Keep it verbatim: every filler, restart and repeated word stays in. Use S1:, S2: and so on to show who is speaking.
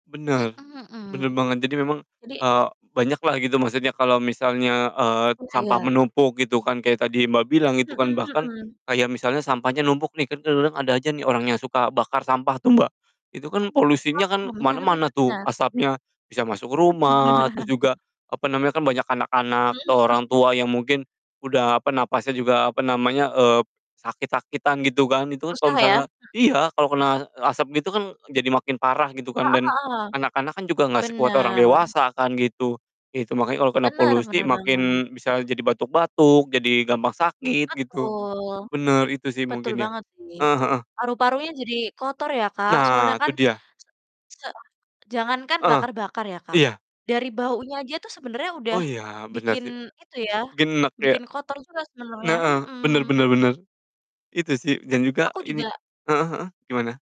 S1: Mhm
S2: Bener,
S1: mhm.
S2: bener banget. Jadi memang,
S1: Jadi
S2: eee, banyaklah gitu maksudnya kalo misalnya, eee,
S1: M ah,
S2: sampah
S1: ya.
S2: menumpuk, gitu kan, kayak tadi, Mbak, bilang, gitu kan,
S1: Mhm
S2: bahkan
S1: mhm.
S2: kayak misalnya sampahnya numpuk nih, kan kadang-kadang ada aja nih orang yang suka bakar sampah tuh, Mbak, itu kan polusinya kan
S1: Heeh,
S2: ke
S1: bener
S2: mana-mana
S1: bener
S2: tuh
S1: bener.
S2: asapnya, bisa masuk
S1: Oh, iya.
S2: rumah, terus juga, apa namanya, kan banyak anak-anak
S1: Hmm,
S2: atau
S1: mhm.
S2: orang tua yang mungkin udah, apa, napasnya juga, apa namanya, eee, sakit-sakitan, gitu kan, itu kan kalo
S1: Susah ya?
S2: misalnya
S1: Mhm.
S2: iya, kalo kena, e asap gitu kan jadi makin parah gitu kan,
S1: Heeh
S2: dan
S1: heeh.
S2: anak-anak kan juga nggak sekuat orang
S1: Bener.
S2: dewasa kan, gitu. Ya itu, makanya kalo kena
S1: Bener
S2: polusi
S1: benar banget.
S2: makin bisa jadi batuk-batuk, jadi gampang sakit gitu.
S1: Betul.
S2: Bener, itu sih
S1: Betul
S2: mungkin ya.
S1: banget sih,
S2: Eh, heeh.
S1: paru-parunya jadi kotor ya, Kak, soalnya
S2: Nah,
S1: kan,
S2: tuh dia.
S1: se se jangankan
S2: Heeh,
S1: bakar-bakar ya, Kak,
S2: iya.
S1: dari baunya aja tuh sebenernya udah
S2: Oh, iya, bener
S1: bikin
S2: sih.
S1: itu ya,
S2: Mungkin eneg ya.
S1: bikin kotor juga sebenernya,
S2: neeh, bener
S1: mhm.
S2: bener bener. Itu sih dan juga
S1: Aku
S2: ini
S1: juga
S2: heeh heeh, gimana?